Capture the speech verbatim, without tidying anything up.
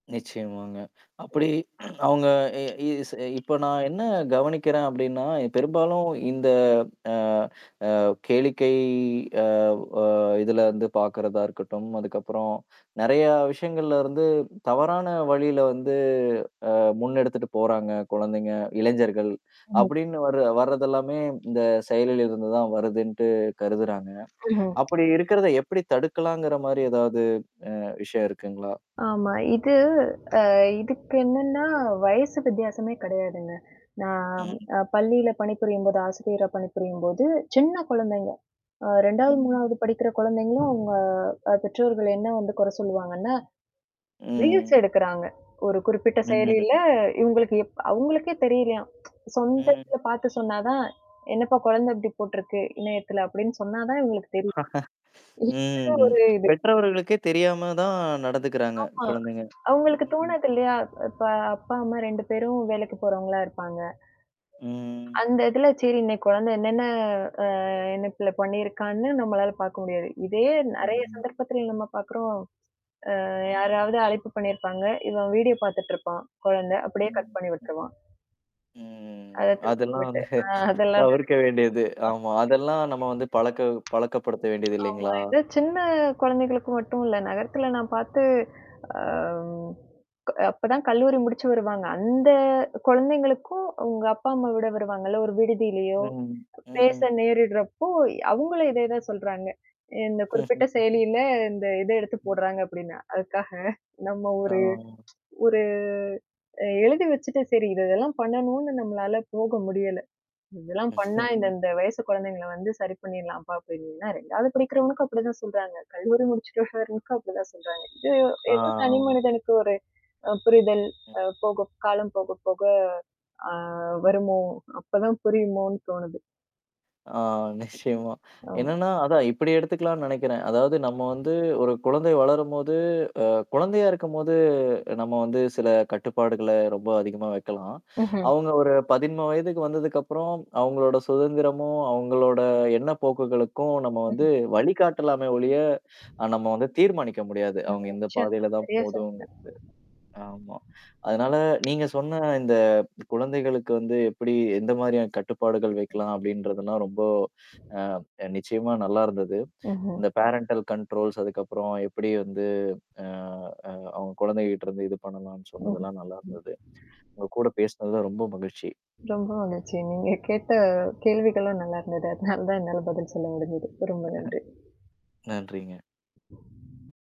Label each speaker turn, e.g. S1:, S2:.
S1: நிச்சயமாங்க. அப்படி அவங்க இ இஸ் இப்ப நான் என்ன கவனிக்கிறேன் அப்படின்னா, பெரும்பாலும் இந்த அ, அ கேளிக்கை அவ் அ இதுல வந்து பார்கறதா இருக்கட்டும். அதுக்கப்புறம் நிறையா விஷயங்கள்ல இருந்து தவறான வழியில வந்து அ முன்னெடுத்துட்டு போறாங்க குழந்தைங்க இளைஞர்கள்.
S2: ஆமா.
S1: அபடின்னு வர வரதெல்லாமே இந்த செயலில் இருந்து தான் வருதுன்ட்டு கருதுறாங்க.
S2: ம்ஹ்ம்.
S1: அப்படி இருக்கிறத எப்படி தடுக்கலாங்கிற மாரி ஏதாவது அ விஷயம் இருக்குங்களா?
S2: ஆமா. இது அ இதுக்கு என்னன்னா வயசு வித்தியாசமே கிடையாதுங்க. நான்
S1: ம்.
S2: அ பள்ளியில பணிபுரியும்போது ஆசிரியரா பணிபுரியும்போது சின்ன குழந்தைங்க. அ ரெண்டாவது,
S1: ம்.
S2: மூணாவது படிக்கிற குழந்தைங்களும் அவுங்க அ பெற்றோர்கள் என்ன வந்து குறை சொல்லுவாங்கன்னா? ரீல்ஸ்
S1: ம்.
S2: எடுக்குறாங்க. ஒரு குறிப்பிட்ட செயலியில
S1: ம்.
S2: இவங்களுக்கு எப் அவங்களுக்கே தெரியலையாம்
S1: ம்.
S2: சொந்தத்தில பார்த்து சொன்னா தான். என்னப்பா குழந்தை இப்படி போட்டுருக்கு, இணையத்தில அப்டின்னு சொன்னா தான் இவங்களுக்கு தெரியும். [unintelligible]
S1: ம்.
S2: ஒரு இது.
S1: பெற்றவர்களுக்கே தெரியாம தான் நடத்துக்குறாங்க
S2: ஆமா.
S1: குழந்தைங்க
S2: அவங்களுக்கு
S1: ம்.
S2: தோணாது இல்லையா? இப்ப அப்பா, அம்மா ரெண்டு பேரும் வேலைக்கு போறவங்களா இருப்பாங்க.
S1: ம்.
S2: அந்த இதுல சேரி இன்னைக்கு குழந்தை என்னென்ன அ என்ன நினைப்பல பண்ணியிருக்கான்னு நம்மளால பார்க்க முடியாது. இதே நறைய
S1: ம்.
S2: சந்தர்ப்பத்தில நம்ம பார்க்குறோம். அ
S1: ம்.
S2: யாராவது அழைப்பு பண்ணியிருப்பாங்க. இவன் வீடியோ பார்த்துட்டுருப்பான் குழந்த. அப்படியே
S1: ம்.
S2: கட் பண்ணி
S1: ம்.
S2: விட்டுருவான்.
S1: ம்.
S2: அத
S1: அதெல்லாம்
S2: தொட்டுவிட்டு.
S1: வந்து.
S2: ஆ, அதெல்லாம் நடக்கு.
S1: தவிர்க்க வேண்டியது. ஆமா. அதெல்லாம் நம்ம வந்து பழக்க பழக்கப்படுத்த வேண்டியது
S2: [unintelligible] ஆமா.
S1: இல்லைங்களா?
S2: இத சின்ன குழந்தைகளுக்கு மட்டும் இல்ல. நகரத்தில நான் பார்த்து அ. க அப்பதான் கல்லூரி முடிச்சு வருவாங்க. அந்த குழந்தைங்களுக்கும் உங்க அப்பா, அம்மா விட வருவாங்கல்ல? ஒரு விடுதியிலயோ?
S1: ம்.
S2: பேச
S1: ம்.
S2: நேரிடுறப்போ அவங்களும் இதே தான் சொல்றாங்க. இந்த குறிப்பிட்ட செயலியில இந்த இத எடுத்து
S1: ம்.
S2: போடுறாங்க அப்ப்டின்னா, அதுக்காக, நம்ம ஒரு
S1: ஆ.
S2: ஒரு அ எழுதி வச்சுட்ட சரி இது இதெல்லாம் பண்ணணும்னு நம்மளால போக முடியல. இதெல்லாம் பண்ணா இந்த, இந்த வயசு குழந்தைங்கள வந்து சரி பண்ணிர்லாம்ப்பா அப்டின்ன்னா ரெண்டாவது படிக்கிறவனுக்கும் அப்படிதான் சொல்றாங்க. கல்லூரி முடிச்சுட்டுனுக்கும் அப்படிதான் சொல்றாங்க. இதயோ ஏதோ தனி
S1: ஆமா.
S2: மனிதனுக்கு ஒரு அ புரிதல்.
S1: ம்.
S2: அ போகும் காலம் போக, போக. அ வருமோ அப்பதான் புரியுமோன்னு தோணுது.
S1: ஆ, நிச்சயமா.
S2: ஓ!
S1: என்னன்னா அதான் இப்படி எடுத்துக்கலான்னு நெனைக்கிறேன். அதாவது நம்ம வந்து ஒரு குழந்தை வளரும்போது, அ குழந்தையா இருக்கும்போது நம்ம வந்து சில கட்டுப்பாடுகள ரொம்ப அதிகமா வைக்கலாம்.
S2: ம்ஹ்ம்.
S1: அவங்க ஒரு பதிமுன் வயதுக்கு வந்ததுக்கப்புறம், அவங்களோட சுதந்திரமும், அவங்களோட எண்ண போக்குகளுக்கும் நம்ம வந்து
S2: ம்ஹ்ம்
S1: வழிகாட்டலாம ஒளிய அ நம்ம வந்து தீர்மானிக்க முடியாது.
S2: அ
S1: அவங்க இந்த
S2: நிச்சயமா.
S1: பாதையில தான்
S2: சரியா சொன்னீங்க.
S1: போதுங்கிறது. ஆமா. அதனால நீங்க சொன்ன இந்த குழந்தைகளுக்கு வந்து எப்படி எந்த மாதிரியான கட்டுப்பாடுகள் வைக்கலாம் அப்படின்றதெல்லாம் ரொம்ப அ நிச்சயமா நல்லாருந்தது.
S2: ம்ஹ்ம்.
S1: இந்த பேரன்டல் கண்ட்ரோல்ஸ் அதுக்கப்புறம் எப்படி வந்து அ, அ அவங்க குழந்தைகிட்டருந்து இது பண்ணலான்னு
S2: ம், ம்.
S1: சொன்னதெல்லாம் நல்லாருந்தது. உங்க கூட பேசினது தான் ரொம்ப மகிழ்ச்சி.
S2: ரொம்ப மகிழ்ச்சி. நீங்க கேட்ட கேள்விகளும் நல்லா இருந்தது. அதனால தான் என்னால பதில் சொல்ல முடிஞ்சது. ரொம்ப நன்றி.
S1: நன்றிங்க.